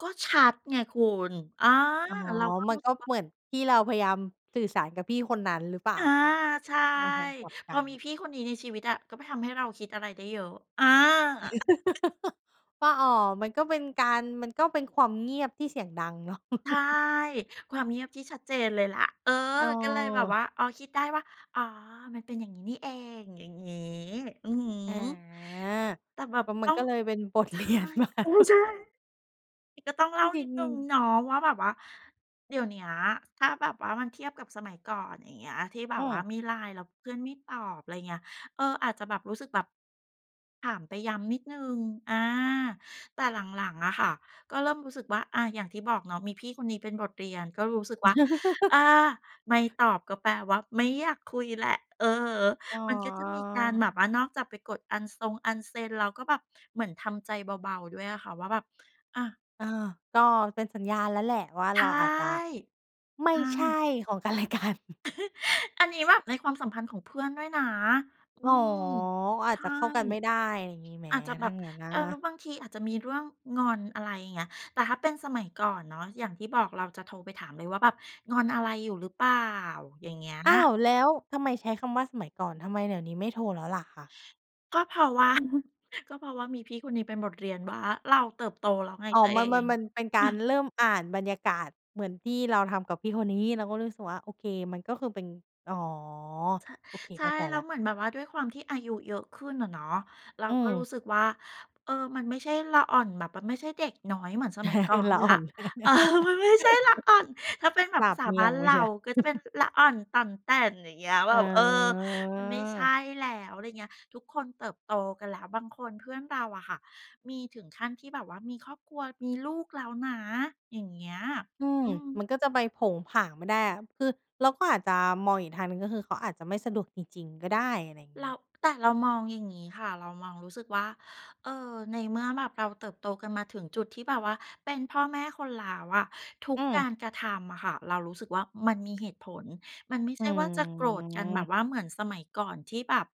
ก็ชัดไงคุณ อา อ๋อ เราก็มัรูน้กสึ็กว่า เหมือนที่เราพยายามสื่อสารกับพี่คนนั้นหรือเปล่อา? า ใช่ ในทางกลับกพัอมีน พี่คนนี้ในชีวิตอะ ก็ไปทำให้เราคิดอะไรได้เยอะ อา ว่า อ้อ มันก็เป็นการ มันก็เป็นความเงียบที่เสียงดังเนาะ ใช่ ความเงียบที่ชัดเจนเลยล่ะ เออ ก็เลยแบบวเออ ่า อ๋อ คิดได้ว่า อ๋อ มันเป็นอย่างงี้นี่เอง อย่างงี้ อือฮึ อา แต่แบกบ็มัต้นอกง ็เลยเป็นบท ใชเรี่ ยนมา อืม ใช่ ก็ต้องเลจ่ารนิิง ดหนึ่งๆ เนาะว่า แบบว่าเดี๋ยวเนี้ยถ้าแบบว่ามันเทียบกับสมัยก่อน อย่างเงี้ย ที่แบอืบว่าม มี่ไลน์แล้วเพื่อนไม่ตอบ ไรเงี้ย เออ อาจจะแบบรู้สึกแบบถามไปย้ำนิดหนึ่ง อา แต่หลัง ๆ อะค่ะ ก็เริ่มรู้สึกว่า อา อย่างที่บอกเนาะมีพี่คนนี้เป็นบทเรียน ก็รู้สึกว่า อา ไม่ตอบก็แปลว่าไม่อยากคุยแหละ อือฮึ อ๋อ มันก็จะมีการแบบว่านอกจากไปกดอันซง อันเซ็น เราก็แบบเหมือนทำใจเบา ๆ ด้วยอะค่ะ ว่าแบบ อะ เออ ก็เป็นสัญญาณแล้วแหละว่า ใชเร่ าอาจจะไมใ่ช่ ใช่ของ กันและกัน อันนี้แบบในความสัมพันธ์ของเพื่อนด้วยนะ อือ๋อ ม อใาชจ่ จะเข้ากันไม่ได้ ไรงี้ไหม อาจจะแบถ้าบ งั้นอเออ แล้ะ? วบางทีอาจจะมีเรื่องงอน อะไรเงี้ย แต่ถ้าเป็นสมัยก่อนเนาะ อย่างที่บอกเราจะโทรไปถามเลยว่า แบบงอนอะไรอยู่หรือเปล่า อย่างเงี้ย อ้าว แล้วทำไมใช้คำว่าสมัยก่อน ทำไมเดี๋ยวนี้ไม่โทรแล้วล่ะคะ? ก็เพราะว่า ก็เพราะว่ามีพี่คนนี้เป็นบทเรียนว่า เราเติบโตแล้วไงอ๋อ ตัวมเัอน มัน ง มันเป็นการเริ่มอ่านบรรยากาศเหมือนที่เราทำกับพี่คนนี้ เราก็เลยรู้สึกว่า โอเค มันก็คือเป็น อ๋อ ช โอเค ใช่เข้าใจแล้แล้วว เหมือนแบบว่าด้วยความที่อายุเยอะขึ้นอะเนาะ เราอืก็รู้ม สึกว่า เออ มันไม่ใช่ละอ่อนแบบมันไม่ใช่เด็กน้อยเหมือนสมัยก่อนละแลอ้่อว น เออ มันไม่ใช่ละอ่อน ถ้าเป็นแบสบภาาบษาเมบี้ายงนมเราเาชียว ก็จะเป็นละอ่อนต่อนแต่น อย่างเงี้ย แบอ๋บ เออ มันไม่ใช่อ แล้ว ไรเงี้ย ทุกคนเติบโตกันแล้ว บางคนเพื่อนเราอะค่ะ มีถึงขั้นที่แบบว่ามีครอบครัวมีลูกแล้วนะ อย่างเงี้ย อืม อืม มันก็จะไปโผงผางไม่ได้อะ คือเราก็อาจจะมองอีกทางหนึ่ง ก็คือเขาอาจจะไม่สะดวกจริง ๆ ก็ได้ อะไรเงรีา ้ แต่เรามองอย่างงี้ค่ะ เรามองรู้สึกว่า เออ ในเมื่อแบบเราเติบโตกันมาถึงจุดที่แบบว่าเป็นพ่อแม่คนแล้วอะ ทุกอืกาอ รกระทำอะค่ะ เรารู้สึกว่า มันมีเหตุผล มันไม่อใืช่ว่าจะโกรธกันแบบม ว่าเหมือนสมัยก่อน ที่แบบ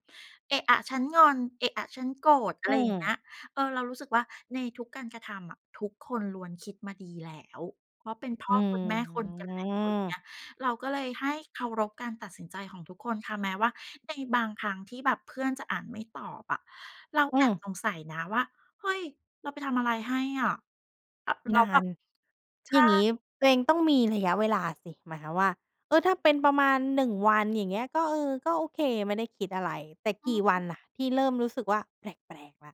เอะอะฉันงอน เอะอะฉันโกรธ อะไอืรอย่างเงี้อ ย เออ เรารู้สึกว่า ในทุกการกระทำอะทุกคนล้วนคิดมาดีแล้ว เพราะเป็นพ่ออืคนแม่คนกันแล้วอย่างเงีม ้ย เราก็เลยให้เคารพการตัดสินใจของทุกคนค่ะ แม้ว่าในบางครั้งที่แบบเพื่อนจะอ่านไม่ตอบอะ เราอืแอบม สงสัยนะว่า เฮ้ย เราไปทำอะไรให้อะ อ แล้นวาแบน บ ใชอย่ ่างงี้ ตัวเองต้องมีระยะเวลาสิ หมายความว่า เออ ถ้าเป็นประมาณ 1 วันอย่างเงี้ย ก็ เออ ก็โอเค ไม่ได้คิดอะไร แต่อกืี่วันม ล่ะที่เริ่มรู้สึกว่าแปลก ๆ แล้ว?